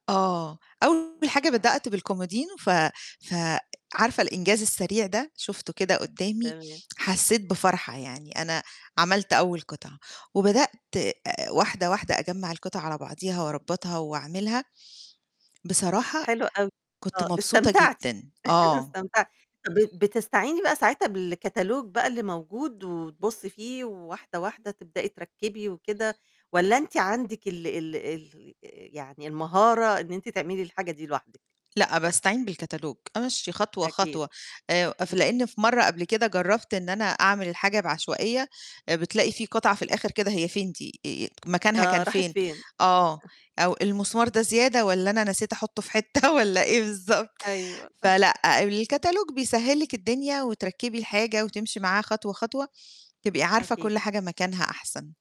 آه، أول حاجة آه. بدأت بالكُمودينو ف فعارفة الإنجاز السريع ده؟ شُفته كده قُدّامي، تمام. حسّيت بفرحة، يعني أنا عَمَلت أول قطعة. وبدأت واحدة واحدة أجمَّع القطعة على بعضيها وأربَّطها وأعمِلها، بصراحة حلو أوي. كنت آه، مبسوطة استمتعتِ، جدًا، آه. استمتعتِ. طَب ب بتستعيني بقى ساعتها بالكتالوج بقى اللي موجود وتبُصّي فيه وواحدة، واحدة تبدئي تركِّبي وكده، والَّا أنت عندِك ال ال ال يعني المهارة إن أنتِ تعملي الحاجة دي لوحدِك؟ لأ، باستعين بالكتالوج، أمشِّي خطوة، أكيد. خطوة، آآ، ف إمم. لإن في مرّه قبل كده جرّبت إن أنا أعمل الحاجة بعشوائية، بتلاقي في قطعة في الآخِر كده هي فين دي، آآ مكانها آه، كان راحت فين؟ فين. آه، أو المسمار ده زيادة والَّا أنا نسيت أحُطُّه في حتّة والَّا إيه بالضبط. أيوه. فلأ، الكتالوج بيسهِّل لِك الدنيا وتركِّبي الحاجة، وتمشي معاه خطوة، خطوة، تبقي عارفة أكيد. كُلّ حاجة مكانها أحسن.